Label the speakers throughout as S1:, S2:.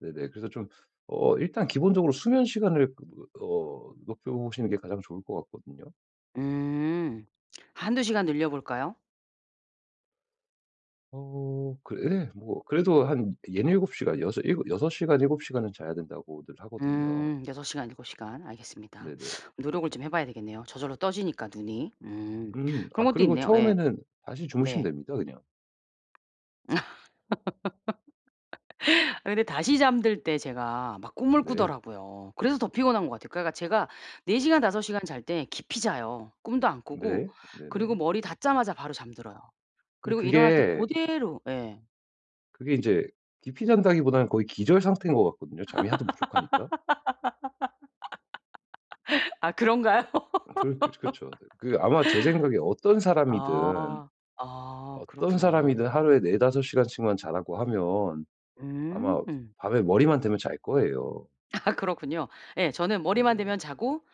S1: 네네. 그래서 좀 어 일단 기본적으로 수면 시간을 그 어 높여보시는 게 가장 좋을 것 같거든요.
S2: 음. 1-2 시간 늘려볼까요?
S1: 어 그 예 뭐 그래도 한 6-7 시간 6-7 6 시간 7 시간은 자야 된다고들 하거든요.
S2: 음 6 시간 7 시간. 알겠습니다.
S1: 네네.
S2: 노력을 좀 해 봐야 되겠네요. 저절로 떠지니까 눈이. 음.
S1: 음.
S2: 그런
S1: 아
S2: 것도
S1: 그리고
S2: 있네요. 예.
S1: 처음에는 다시 주무시면
S2: 네.
S1: 됩니다 그냥.
S2: 근데 다시 잠들 때 제가 막 꿈을
S1: 네.
S2: 꾸더라고요. 그래서 더 피곤한 거 같아요. 그러니까 제가 4 시간 5 시간 잘 때 깊이 자요. 꿈도 안 꾸고
S1: 네.
S2: 그리고
S1: 네네.
S2: 머리 닿자마자 바로 잠들어요.
S1: 근데
S2: 그리고 일어날 때
S1: 그게
S2: 고대로 예.
S1: 그게 이제 깊이 잔다기보다는 거의 기절 상태인 것 같거든요. 잠이 하도 부족하니까.
S2: 아 그런가요?
S1: 아 그러 그러 그렇죠. 네. 그 아마 제 생각에 어떤 사람이든
S2: 아. 아
S1: 어떤
S2: 그렇구나.
S1: 사람이든 하루에 4-5 시간씩만 자라고 하면 아마
S2: 음.
S1: 밤에 머리만 대면 잘 거예요.
S2: 아 그렇군요. 예. 저는 머리만 대면
S1: 네네.
S2: 자고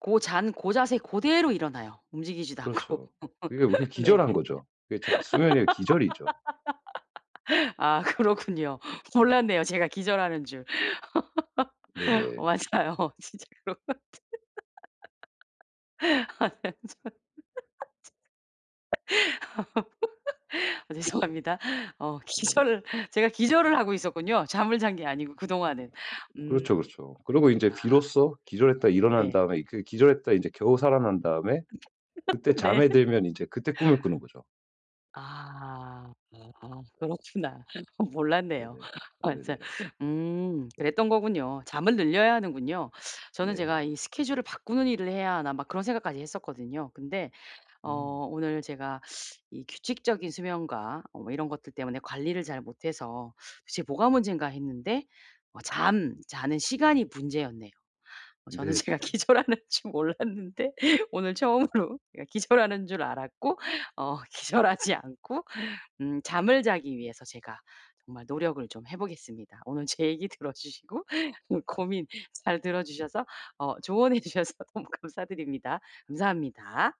S2: 고 잔 고 자세 그대로 일어나요. 움직이지도 않고.
S1: 그렇죠. 그게 이렇게
S2: 네.
S1: 기절한 거죠. 그게 자 수면이 아니라 기절이죠.
S2: 아 그렇군요. 몰랐네요, 제가 기절하는 줄.
S1: 네네.
S2: 맞아요. 진짜로. 아 죄송합니다. 어
S1: 네.
S2: 기절을 제가 기절을 하고 있었군요. 잠을 잔 게 아니고 그동안은.
S1: 그렇죠,
S2: 음.
S1: 그렇죠. 그리고 인제
S2: 아.
S1: 비로소
S2: 아
S1: 기절했다가 일어난
S2: 네.
S1: 다음에 그 기절했다가 인제 겨우 살아난 다음에 그때
S2: 네.
S1: 잠에 들면 이제 그때 꿈을 꾸는 거죠.
S2: 아 아 그렇구나. 몰랐네요.
S1: 네네. 네네.
S2: 맞아. 음 그랬던 거군요. 잠을 늘려야 하는군요. 저는 제가
S1: 네.
S2: '이 스케줄을 바꾸는 일을 해야 하나.' 막 그런 생각까지 했었거든요. 근데 어
S1: 음.
S2: 오늘 제가 이 규칙적인 수면과 뭐 이런 것들 때문에 관리를 잘 못해서 도대체 뭐가 문젠가 했는데 어 잠자는 시간이 문제였네요. 어 저는 제가
S1: 네네.
S2: 기절하는 줄 몰랐는데 오늘 처음으로 예 기절하는 줄 알았고 어 기절하지 않고 음 잠을 자기 위해서 제가 정말 노력을 좀 해 보겠습니다. 오늘 제 얘기 들어주시고 좀 고민 잘 들어주셔서 어 조언해 주셔서 너무 감사드립니다. 감사합니다.